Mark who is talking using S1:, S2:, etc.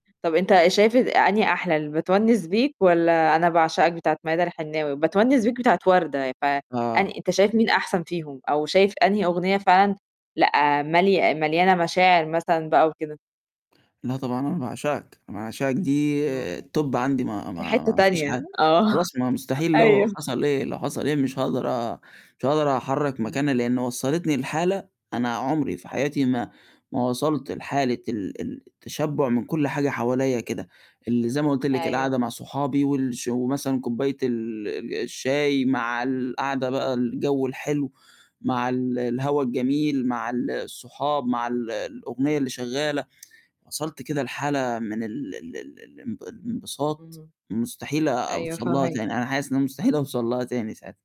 S1: طَب أنت شايف أنهي أحلى ال بتوَنِّس بيك والّا أنا باعشقك بتاعة ميادة الحناوي؟ بتونس بيك بتاعة وردة ف أن
S2: آه.
S1: أنت شايف مين أحسن فيهم أو شايف أنهي أغنية فعلًا، لأ، ملي مليانة مشاعر مثلًا بقى وكده؟
S2: لأ، طبعًا أنا باعشقك، أنا باعشقك دي
S1: إمم،
S2: الTop عندي ما
S1: في حتّة
S2: ما ما فيش
S1: تانية
S2: حاجة،
S1: آه،
S2: خلاص ما مستحيل لو
S1: أيوه.
S2: حصل إيه، لو حصل إيه مش هاقدر أ مش هاقدر أحرّك
S1: إمم،
S2: مكانها
S1: إمم.
S2: لإن وصّلتني لحالة أنا عُمري فحياتي ما ما وصلت لحالة ال ال التشبُع من كلّ حاجة حواليّا كده، اللي زي ما قُلت لِك القعدة
S1: أيوه.
S2: مع صحابي وال ش ومثلًا كوباية ال ال الشاي مع القعدة بقى الجو الحلو، مع ال الهوا الجميل مع ال الصحاب، مع ال الأغنية اللي شغّالة، وصلت كده لحالة من ال ال ال الام الامبساط
S1: إمم،
S2: مستحيل
S1: أيوه
S2: أوصل لها
S1: فاهماك.
S2: تاني، أنا حاسس إن أنا مستحيل أوصل لها تاني ساعتها.